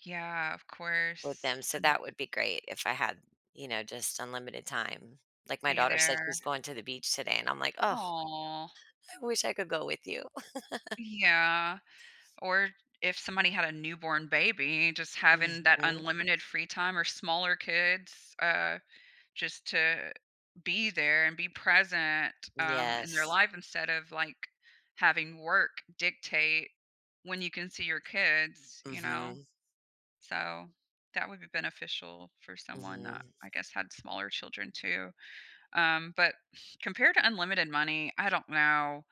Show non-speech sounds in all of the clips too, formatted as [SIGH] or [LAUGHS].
Yeah, of With course, them, so, and that would be great if I had, you know, just unlimited time. Like my Be daughter said there. she's going to the beach today and I'm, like, "Ugh, Aw. I wish I could go with you." [LAUGHS] Yeah, or if somebody had a newborn baby, just having that Mhm. unlimited free time, or smaller kids, uh, just to be there and be present, um, in their Yes. life instead of, like, having work dictate when you can see your kids, you know? Mhm. So, that would be beneficial for someone that Mhm. I guess had smaller children too, um, but compared to unlimited money, I don't know,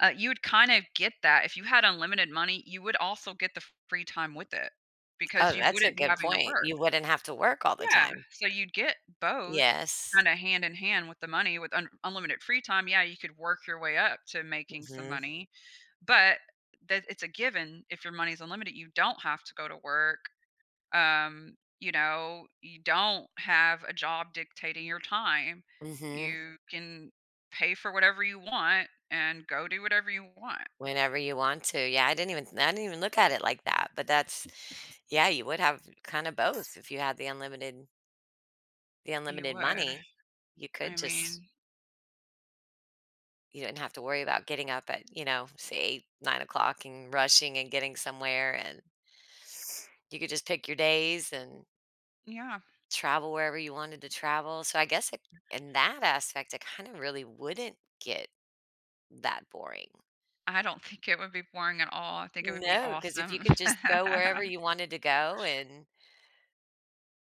uh, you would kinda get that if you had unlimited money, you would also get the fr free time with it because Oh, you that's a wouldn't be good having to point. work. You wouldn't have to work all the Yeah, time. so, you'd get both Yes. kinda hand-in-hand with the money, with un r unlimited free time. Yeah, you could work your way up to making some Mhm. money, but that it's a given, if your money is unlimited, you don't have to go to work, um, you know, you don't have a job dictating your time, Mhm. you can pay for whatever you want and go do whatever you want. Whenever you want to, yeah, I didn't even th I didn't even look at it like that, but that's yeah, you would have kinda both if you had the unlimited The You unlimited would. money, you I could just mean You didn't have to worry about getting up at, you know, say, 8, 9 o'clock and rushing and getting somewhere and, you could just pick your days and Yeah. travel wherever you wanted to travel, so, I guess i in that aspect it kinda really wouldn't get that boring. I don't think it would be boring at all, I think it would be No, 'cause if you awesome. could [LAUGHS] just go wherever you wanted to go and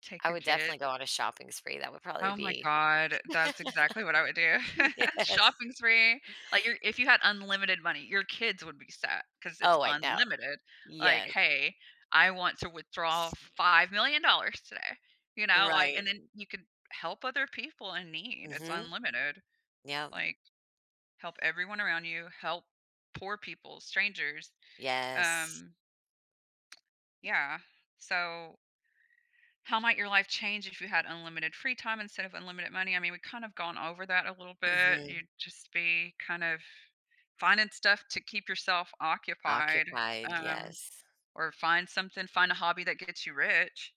Take I your would kid. definitely go on a shopping spree that would probably Oh my be God, that's exactly what I would do. [LAUGHS] [LAUGHS] Yes. Shopping spree, like you're if you had unlimited money, your kids would be set 'cause it's Oh, I know. unlimited, like, Yes. "Hey, I want to withdraw $5 million dollars today," you know, like Right. and then you could help other people in need it's Mhm. unlimited, Yep. like, help everyone around you, help poor people, strangers, Yes. um Yeah, so How might your life change if you had unlimited free time instead of unlimited money? I mean, we've kind of gone over that a little bit. Mhm. You'd just be kind of finding stuff to keep yourself occupied, Occupied, um, yes. or find something find a hobby that gets you rich.